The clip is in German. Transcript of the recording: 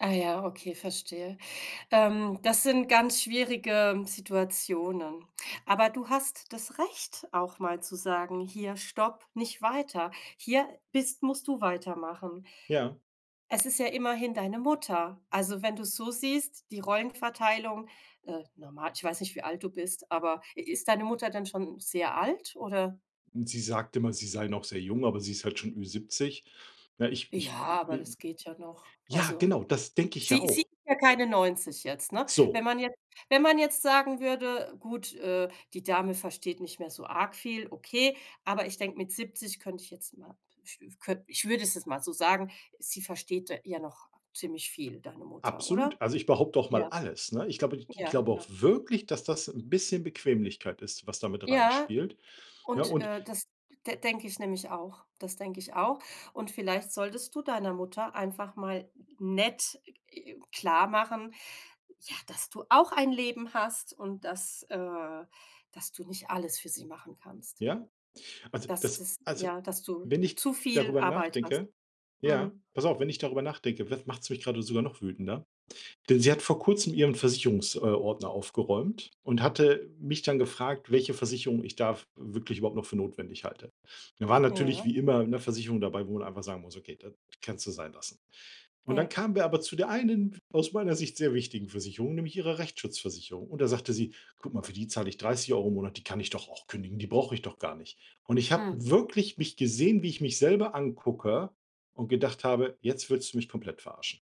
Ah ja, okay, verstehe. Ähm, das sind ganz schwierige Situationen. Aber du hast das Recht, auch mal zu sagen: „Hier stopp, nicht weiter. Hier bist musst du weitermachen.“ Ja. Es ist ja immerhin deine Mutter. Also, wenn du es so siehst, die Rollenverteilung äh, normal, ich weiß nicht, wie alt du bist, aber i ist deine Mutter dann schon sehr alt, oder? Und sie sagt immer, sie sei noch sehr jung, aber sie ist halt schon Ü-70. Na, ich Ja, ich, aber äh das geht ja noch. Ja, Also, genau, das denke ich ja sie sie auch. ist ja keine 90 jetzt, ne? Wenn So. man jetzt wenn man jetzt sagen würde: „Gut, äh, die Dame versteht nicht mehr so arg viel“, okay, aber ich denke, mit 70 könnte ich jetzt mal ich ich könnt ich würde es jetzt mal so sagen: Sie versteht d ja noch ziemlich viel, deine Mutter, Absolut. oder? Also ich behaupte auch mal Ja. alles, ne? Ich glaube n ich Ja, glaube auch ja. wirklich, dass das 'n bisschen Bequemlichkeit ist, was da mit Ja, reinspielt. Ja, und, und äh, das d denke ich nämlich auch. Das denke ich auch. Und vielleicht solltest du deiner Mutter einfach mal nett, äh, klarmachen, ja, dass du auch ein Leben hast und dass, äh, dass du nicht alles für sie machen kannst. Ja? Also Dass das dass, also, ja, dass du wenn ich zu viel darüber Arbeit hast. nachdenke, ja Mhm. pass auf, wenn ich darüber nachdenke, dann macht's mich grade sogar noch wütender. Denn sie hat vor Kurzem ihren Versicherungs äh, Ordner aufgeräumt und hatte mich dann gefragt, welche Versicherung ich da w wirklich überhaupt noch für notwendig halte. Da war natürlich Ja. wie immer 'ne Versicherung dabei, wo man einfach sagen muss: „Okay, das kannst du sein lassen.“ Und Ja. dann kamen wir aber zu der einen, aus meiner Sicht sehr wichtigen Versicherung, nämlich ihrer Rechtsschutzversicherung. Und da sagte sie: „Guck mal, für die zahl ich 30 € im Monat, die kann ich doch auch kündigen, die brauche ich doch gar nicht.“ Und ich habe Mhm. wirklich mich gesehen, wie ich mich selber angucke, und gedacht habe: „Jetzt willst du mich komplett verarschen.“